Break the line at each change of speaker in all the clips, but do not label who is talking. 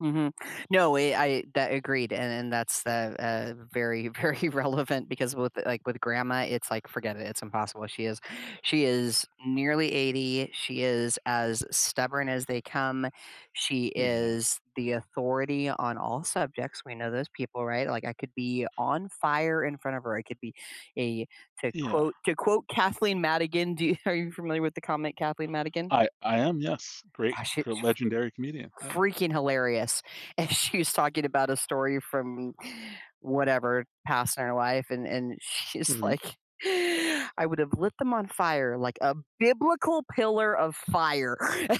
Mhm. No, we I, that I agreed, and and that's the uh, very, very relevant because with like with grandma, it's like forget it, it's impossible. She is she is nearly 80. She is as stubborn as they come. She
Yeah.
is the authority on all subjects. We know those people, right? Like I could be on fire in front of her. I could be a to
Yeah.
quote to quote Kathleen Madigan do you are you familiar with the comic Kathleen Madigan?
I I am, yes, great,
Uh, she's
gre legendary comedian,
f
yeah.
freaking hilarious and she's talking about a story from whatever past in her life and and she's
Mhm.
like, "I would've lit them on fire like a biblical pillar of fire."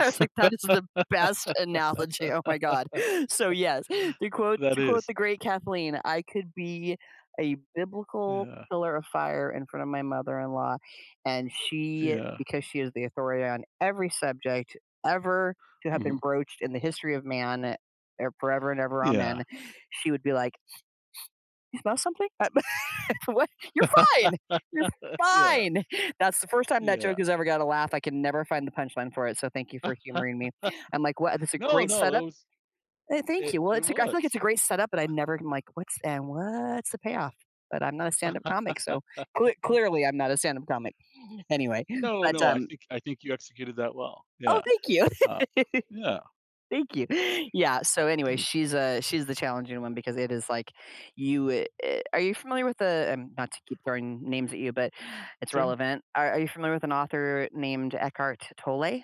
I was like, "That is the best analogy." Oh my God. So yes, to quote
That
to quote
is.
the great Kathleen, I could be a "biblical
Yeah.
pillar of fire" in front of my mother-in-law, and she-
Yeah.
because she is the authority on every subject ever to have been
Mhm.
broached in the history of man, eh, forever and ever,
Yeah.
amen- she would be like, "You smell something? For what? You're fine. You're
Yeah.
fine." That's the first time that joke
Yeah.
has ever got a laugh. I can never find the punchline for it, so thank you for humoring me. I'm like, "What this is a
No,
great
no, it
setup."
was
Eh, thank
it
you. Well,
it
it's lik I feel like it's a
was.
great setup, but I never like, what's and what's the payoff? But I'm not a stand-up comic, so cle clearly I'm not a stand-up comic. Anyway,
No,
but,
no, I
um
think, I think you executed that well,
Oh,
yeah.
thank you!
Uh, yeah.
Thank you. Yeah, so anyway,
Mm.
she's, uh, she's the challenging one because it is like, you, eh eh, are you familiar with the, um, not to keep throwing names at you, but it's
True.
relevant. Are are you familiar with an author named Eckhart Tolle?